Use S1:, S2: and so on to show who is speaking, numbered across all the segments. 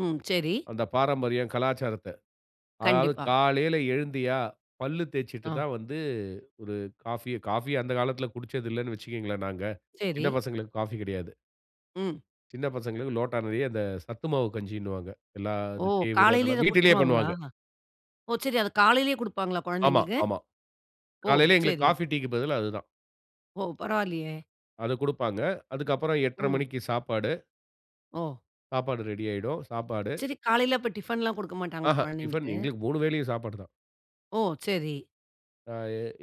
S1: ம், சரி.
S2: அந்த பாரம்பரியம், கலாச்சாரத்த. அதாவது
S1: கண்டிப்பா.
S2: காலையில எழுந்தியா, பல்லு தேச்சுட்டு
S1: ஆ.
S2: தான் வந்து ஒரு காஃபிய காஃபி அந்த காலத்தில குடிச்சது இல்லன்னு வச்சுக்கோங்களேன் நாங்க. சின்ன
S1: சரி
S2: பசங்களுக்கு காஃபி கெடையாது.
S1: ம்.
S2: சின்ன பசங்களுக்கு லோட்டா நெறைய அந்த சத்து மாவு கஞ்சின்னு வாங்க.
S1: ஓ!
S2: எல்லாதும் கேவுரு
S1: காலையிலே இத
S2: அதெல்லாம் வீட்டிலேயே
S1: குடுத்துருவாங்களா?
S2: பண்ணுவாங்க.
S1: ஓ! சரி அத காலையிலேயே குடுப்பாங்களா
S2: ஆமா,
S1: கொழந்தைகளுக்கு?
S2: ஆமா.
S1: ஓ!
S2: காலையில எங்களுக்கு
S1: சரி.
S2: காஃபி, டீக்கு பதிலா அதுதான்.
S1: ஓ! பரவாயில்லையே.
S2: அதுக் குடுப்பாங்க. அதுக்கு அப்புறம் 8:30
S1: ம்.
S2: மணிக்கு சாப்பாடு.
S1: ஓ!
S2: சாப்பாடு ரெடி ஆயிடும். சாப்பாடு.
S1: சரி, காலைல அப்ப டிஃபன்ல்லாம் குடுக்க மாட்டாங்களா
S2: ஆஹா டிஃபன்
S1: கொழந்தைகளுக்கு?
S2: எங்களுக்கு 3 வேளையும் சாப்பாடு தான்.
S1: ஓ! சரி.
S2: அ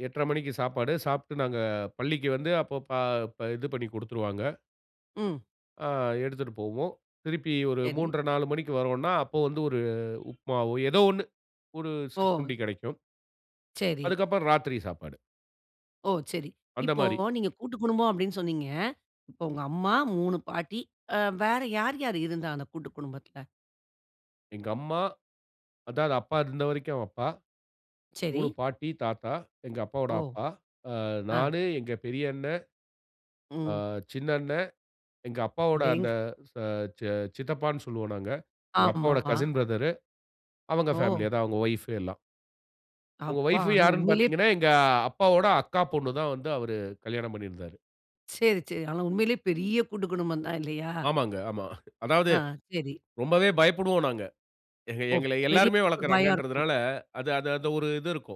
S2: 8:30 மணிக்கு சாப்பாடு, சாப்பிட்டு நாங்க பள்ளிக்கு வந்து அப்போ ப அப்ப இது பண்ணி குடுத்துருவாங்க.
S1: ம்.
S2: அ எடுத்துட்டு போவோம். திருப்பி ஒரு
S1: சரி.
S2: 31/2-4 மணிக்கு வரோம்னா அப்போ வந்து ஒரு உப்புமாவோ ஏதோ ஒண்ணு. ஒரு
S1: ஓ!
S2: சிற்றுண்டி கிடைக்கும்.
S1: சரி.
S2: அதுக்கு அப்புறம் ராத்திரி சாப்பாடு.
S1: ஓ! சரி.
S2: அந்த
S1: இப்போ
S2: மாரி.
S1: நீங்க கூட்டுக்குடும்பம் அப்டின்னு சொன்னீங்க. இப்போ உங்க அம்மா 3 பாட்டி, அ வேற யார் யார் இருந்தா? அந்த கூட்டுக்குடும்பத்தில.
S2: எங்க அம்மா. அதாவது அப்பா இருந்த வரைக்கும் அப்பா.
S1: சரி.
S2: 3 பாட்டி, தாத்தா, எங்க அப்பாவோட
S1: ஓ!
S2: அப்பா, ஆ
S1: ஆ.
S2: நானு, எங்க பெரிய அண்ணே, ஆ
S1: ம்.
S2: சின்ன அண்ணே, எங்க அப்பாவோட
S1: அடேங்
S2: அந்த ச ச சி சித்தப்பான்னு சொல்வோ நாங்க. எங்க அப்பாவோட
S1: ஆமாமா.
S2: கசின் ப்ரதரு அவங்க பேமிலி
S1: ஓ!
S2: அதா அவங்க வைப் எல்லா. அவுங்க
S1: அப்பா!
S2: வைப்
S1: ஆனா
S2: யார்ன்னு
S1: உண்மையிலேயே ப்
S2: பார்த்தீங்கன்னா, எங்க அப்பாவோட அக்கா பொண்ணு தான் வந்து அவரு கல்யாணம் பண்ணியிருந்தாரு.
S1: சரி, சரி. ஆனா உண்மையிலேயே பெரிய கூட்டுக்குடும்பம் தான் இல்லையா?
S2: ஆமாங்க, ஆமா. அதாவது
S1: ஆ, சரி.
S2: ரொம்பவே பயப்படுவோம் நாங்க. எங்
S1: ஓ!
S2: எங்கள
S1: பெரிய
S2: எல்லோருமே
S1: ஒரு பயம் இருக்கும்.
S2: வளர்க்குறாங்கறதனால அது அது அந்த ஒரு இது இருக்கும்.